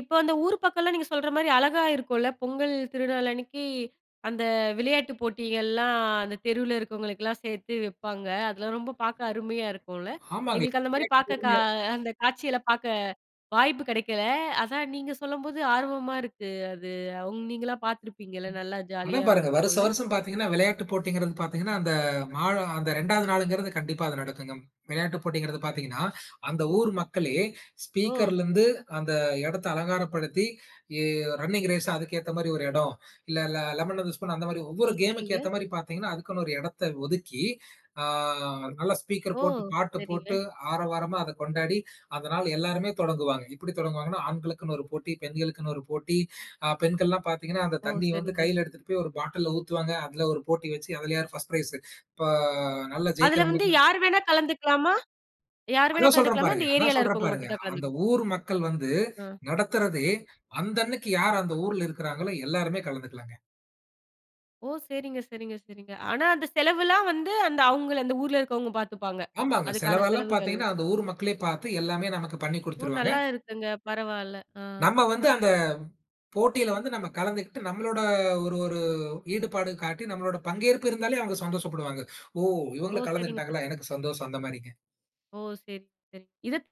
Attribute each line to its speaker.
Speaker 1: இப்போ அந்த ஊரு பக்கம்ல நீங்கச் சொல்ற மாரி அழகா இருக்குல. பொங்கல் திருநாள் அன்னைக்கு அந்த விளையாட்டுப் போட்டிகள்லாம் அந்தத் தெருல இருக்கறவங்களுக்குலாம் சேர்த்து வைப்பாங்க. அதுல ரொம்ப பார்க்க அருமையா இருக்கும்ல.
Speaker 2: ஆமாங்க.
Speaker 1: எங்களுக்கு அந்த மாரி பார்க்க கா
Speaker 2: [unintelligible]
Speaker 1: அந்தக் காட்சிகளப் பார்க்க வாய்ப்பு கிடைக்கல. அதா நீங்கச் சொல்லம்போது ஆர்வமா இருக்கு. அது அவுங் நீங்கலாம் பாத்துருப்பீங்கள்ல. நல்லா
Speaker 2: அதா
Speaker 1: ஜாலியா
Speaker 2: பாருங்க. வருஷ,
Speaker 1: இருந்துருக்குல?
Speaker 2: வருஷம் பாத்தீங்கன்னா விளையாட்டுப் போட்டிங்கிறது பாத்தீங்கன்னா, அந்த மா அந்த ரெண்டாவது நாள்ங்கிறது கண்டிப்பா அது நடக்குங்கம். விளையாட்டுப் போட்டிங்கிறது பாத்தீங்கன்னா, அந்த
Speaker 1: [unintelligible]
Speaker 2: ஊர் மக்களே
Speaker 1: ஓ!
Speaker 2: ஸ்பீக்கர்லருந்து அந்த இடத்த அலங்காரப்படுத்தி, ஏ ரன்னிங் ரேஸ் அதுக்கு ஏத்த மாரி ஒரு இடம், இல்ல ல லெமன் அண்ட் தி ஸ்பூன் அந்த மாரி
Speaker 1: ஒ
Speaker 2: ஒவ்வொரு
Speaker 1: சரிங்க.
Speaker 2: கேம்க்கு ஏத்த மாரி பாத்தீங்கன்னா, அதுக்குன்னு ஒரு இடத்த ஒதுக்கி அ நல்ல ஸ்பீக்கர்
Speaker 1: ஓ!
Speaker 2: போட்டுப் பாட்டு போட்டு
Speaker 1: சரிங்க.
Speaker 2: ஆரவாரமா அத கொண்டாடி, அந்த நாள் எல்லாருமே தொடங்குவாங்க. இப்டி தொடங்குவாங்கன்னா, ஆண்களுக்குன்னு ஒரு போட்டி, பெண்களுக்குன்னு ஒரு போட்டி. ஆ பெண்கள்லாம் பாத்தீங்கன்னா, அந்தத்
Speaker 1: ஒ
Speaker 2: தண்ணி வந்து
Speaker 1: சரிங்க.
Speaker 2: கையில எடுத்துட்டு போய் ஒரு பாட்டில்ல ஊத்துவாங்க. அதுல ஒரு போட்டி வச்சு அதுல யார் ஃபர்ஸ்ட் ப்ரைஸ். இப்ப நல்லா
Speaker 1: அதுல வந்து
Speaker 2: ஜெயிக்கிறவங்களுக்கு
Speaker 1: யாரு வேணா கலந்துக்கலாமா? யாரு
Speaker 2: அதா
Speaker 1: வேணா
Speaker 2: சொல்றேன்
Speaker 1: கலந்துக்கலாமா? அந்த
Speaker 2: பாருங்க. அதா
Speaker 1: ஏரியால
Speaker 2: சொல்றேன்
Speaker 1: இருக்கறவங்க
Speaker 2: பாருங்க.
Speaker 1: மட்டும்தான்
Speaker 2: அந்த
Speaker 1: கலந்துக்கணும்.
Speaker 2: ஊர் மக்கள் வந்து
Speaker 1: ஆ.
Speaker 2: நடத்துறதே அந்த அன்னைக்கு யாரு அந்த ஊர்ல இருக்கறாங்களோ எல்லாருமே கலந்துக்கலாங்க.
Speaker 1: ஓ! சரிங்க, சரிங்க, சரிங்க. ஆனா, அந்த செலவுலாம் வந்து, அந்த அவங்கள அந்த ஊர்ல இருக்கறவங்க பாத்துப்பாங்க?
Speaker 2: ஆமாங்க.
Speaker 1: அதுக்கான
Speaker 2: செலவு எல்லாம்
Speaker 1: செலவுகள்.
Speaker 2: பாத்தீங்கன்னா, அந்த ஊர் மக்களே பாத்து எல்லாமே நமக்கு பண்ணி
Speaker 1: ஊர்
Speaker 2: குடுத்துருவாங்க.
Speaker 1: நல்லா இருக்குங்க. பரவால்ல. அ.
Speaker 2: நம்ம வந்து அந்தப் போட்டியில வந்து நம்ம கலந்துக்கிட்டு நம்மளோட ஒரு ஒரு ஈடுபாடு காட்டி நம்மளோட பங்கேற்பு இருந்தாலே, அவங்க சந்தோஷப்படுவாங்க. ஓ
Speaker 1: ஓ
Speaker 2: இவங்களும்
Speaker 1: சரிங்க, சரிங்க.
Speaker 2: கலந்துக்கிட்டாங்களா, எனக்குச் சந்தோஷம் அந்த மாரிங்க.
Speaker 1: ஓ சரிங்க, சரிங்க. இதத்